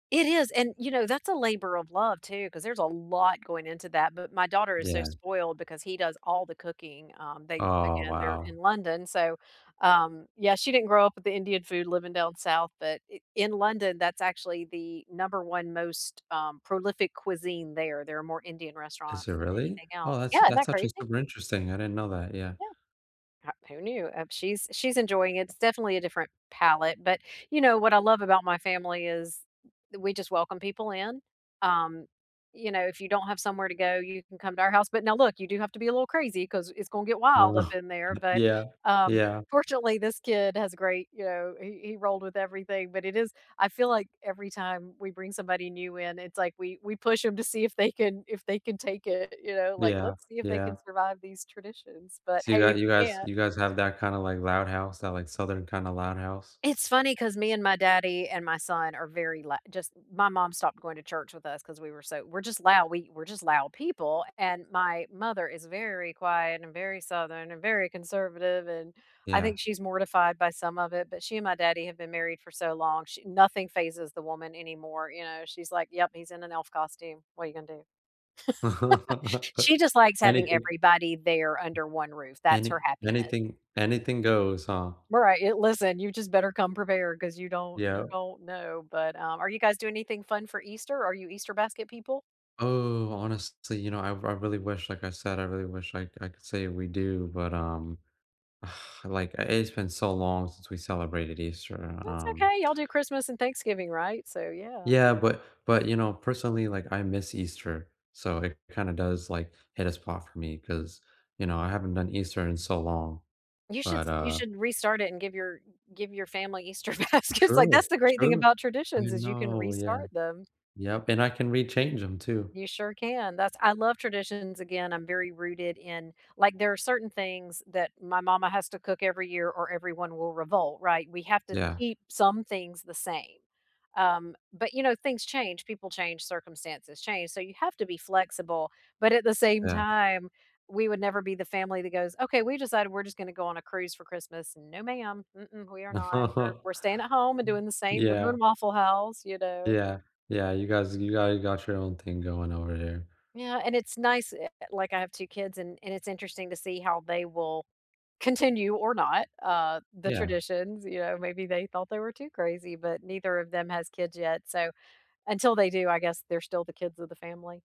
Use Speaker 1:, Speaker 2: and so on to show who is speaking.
Speaker 1: It is, and, you know, that's a labor of love too 'cause there's a lot going into that, but my daughter is so
Speaker 2: Yeah.
Speaker 1: spoiled because he does all the cooking. Um, they
Speaker 2: Oh,
Speaker 1: again, they're
Speaker 2: wow.
Speaker 1: in London, so, um, yeah, she didn't grow up with the Indian food living down south, but i in London, that's actually the number one most, um, prolific cuisine there. There are more Indian
Speaker 2: Is
Speaker 1: restaurants
Speaker 2: there
Speaker 1: than
Speaker 2: really?
Speaker 1: anything
Speaker 2: Oh,
Speaker 1: else.
Speaker 2: that's
Speaker 1: Yeah, isn't that
Speaker 2: that's actually
Speaker 1: crazy?
Speaker 2: super interesting. I didn't know that, yeah.
Speaker 1: Yeah. H who knew? Um, she's she's enjoying it. It's definitely a different palette, but, you know, what I love about my family is we just welcome people in. Um, you know, if you don't have somewhere to go, you can come to our house, but now, look, you do have to be a little crazy 'cause it's gon' get wild
Speaker 2: Uh,
Speaker 1: up
Speaker 2: huh
Speaker 1: in there, but,
Speaker 2: yeah,
Speaker 1: um,
Speaker 2: yeah.
Speaker 1: fortunately, this kid has great you know, he he rolled with everything, but it is I feel like every time we bring somebody new in, it's like we we push ‘em to see if they can if they can take it, you know, like,
Speaker 2: Yeah,
Speaker 1: let's see if they
Speaker 2: yeah.
Speaker 1: can survive these traditions, but,
Speaker 2: So, you
Speaker 1: hey,
Speaker 2: guy
Speaker 1: if
Speaker 2: you
Speaker 1: you
Speaker 2: guys
Speaker 1: can't
Speaker 2: you guys have that kinda, like, loud house, that, like, southern kinda loud house?
Speaker 1: It's funny 'cause me and my daddy and my son are very lou just my mom stopped going to church with us 'cause we were so we're just loud we we're just loud people, and my mother is very quiet, and very southern, and very conservative, and I
Speaker 2: Yeah.
Speaker 1: think she's mortified by some of it, but she and my daddy have been married for so long. She nothing fazes the woman anymore, you know? She's like, "Yep, he's in an elf costume. What are gonna do?" She just likes having
Speaker 2: Anything
Speaker 1: everybody there under one roof, that's her
Speaker 2: any
Speaker 1: happiness.
Speaker 2: anything anything goes, huh?
Speaker 1: Well, right, i listen, you just better come prepared 'cause you don't
Speaker 2: Yeah.
Speaker 1: you don't know, but, um, are you guys doing anything fun for Easter? Are you Easter basket people?
Speaker 2: Oh, honestly, you know, I I really wish like I said, I really wish I I could say we do, but, um, like, i it's been so long since we celebrated Easter,
Speaker 1: That's
Speaker 2: um
Speaker 1: okay. Y'all do Christmas and Thanksgiving, right? So, yeah.
Speaker 2: Yeah, but but, you know, personally, like, I miss Easter, so it kinda does, like, hit a spot for me 'cause, you know, I haven't done Easter in so long,
Speaker 1: You should
Speaker 2: but,
Speaker 1: s you
Speaker 2: uh
Speaker 1: should restart it and give your g give your family Easter baskets, like,
Speaker 2: True,
Speaker 1: that's the great thing
Speaker 2: true,
Speaker 1: about
Speaker 2: I
Speaker 1: traditions, is you can
Speaker 2: know, yeah.
Speaker 1: restart them.
Speaker 2: Yep, and I can rechange ‘em too.
Speaker 1: You sure can, that's I love traditions. Again, I'm very rooted in like, there are certain things that my mama has to cook every year or everyone will revolt, right? We have to
Speaker 2: Yeah.
Speaker 1: keep some things the same, um, but you know, things change, people change, circumstances change, so you have to be flexible, but at the same
Speaker 2: Yeah.
Speaker 1: time, we would never be the family that goes, "Okay, we decided we're just gonna go on a cruise for Christmas." No, ma'am. Mm-mm, we are not. We're we're staying at home and doing the same we're
Speaker 2: Yeah.
Speaker 1: doing Waffle House," you know?
Speaker 2: Yeah, yeah, you guys you guys got your own thing going over there.
Speaker 1: Yeah, and it's nice eh, eh, like, I have 2 kids and and it's interesting to see how they will continue or not, uh, the
Speaker 2: Yeah.
Speaker 1: traditions, you know? Maybe they thought they were too crazy, but neither of them has kids yet, so until they do, I guess they're still the kids of the family.